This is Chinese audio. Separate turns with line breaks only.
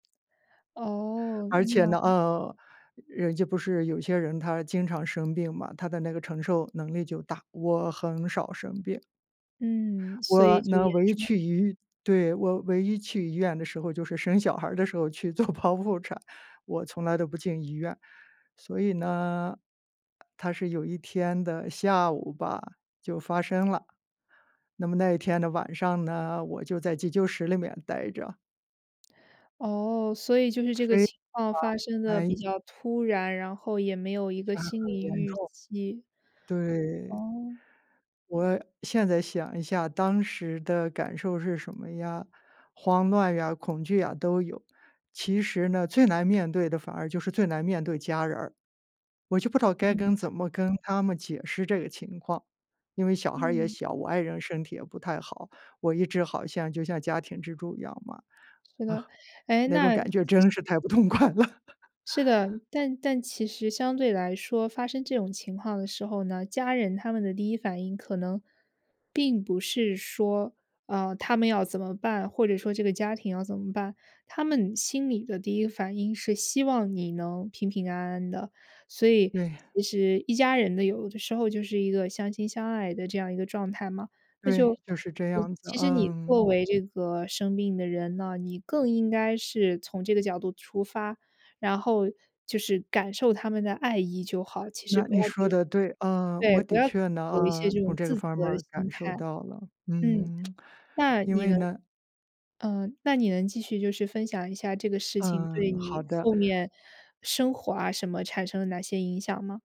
哦。
而且呢，
那
呃，人家不是有些人他经常生病嘛，他的那个承受能力就大。我很少生病。
嗯，所以
我
就
呢，
严
唯一
重。
去医对，我唯一去医院的时候，就是生小孩儿的时候去做剖腹产。我从来都不进医院，所以呢，它是有一天的下午吧，就发生了。那么那一天的晚上呢，我就在急救室里面呆着。
哦，所以就是这个
非
情况发生
常，
得比
哎。
较突然，然后也没有一
一
个
查
心
很
理
严
预
重，
期。
对。
哦。
我现在想一下当时的感受是什么呀，慌乱呀、恐惧呀都有。其实呢，最难面对的反而就是最难面对家人儿，我就不知道该
嗯。
跟怎么跟他们解释这个情况，因为小孩儿也
嗯。
小，我爱人身体也不太好，我一直好像就像家庭支柱一样嘛。啊，
是的。诶，
那种
那
感觉
其
真是太不痛快了。
是的。但但其实相对来说发生这种情况的时候呢，家人他们的第一反应可能并不是说，呃，他们要怎么办，或者说这个家庭要怎么办。他们心里的第一个反应是希望你能平平安安的。所以，
对。
其实一家人呢，有的时候就是一个相亲相爱的这样一个状态嘛。那
对，
就，
就是这
其
样子，
其实你作
嗯。
为这个生病的人呢，你更应该是从这个角度出发，然后就是感受他们的爱意就好。其实
那
不
你
要
说的对，啊，
对
我
对，不
的
要
确呢，
有一些
啊，
这
从
种
这个
自责
方面
的
儿感
心
受
态。
到了，
嗯。
嗯，
那，
因
你
为
能
呢
嗯，那你能继续就是分享一下这个事情对
嗯，好
你
的。
后面生活啊什么，产生了哪些影响吗？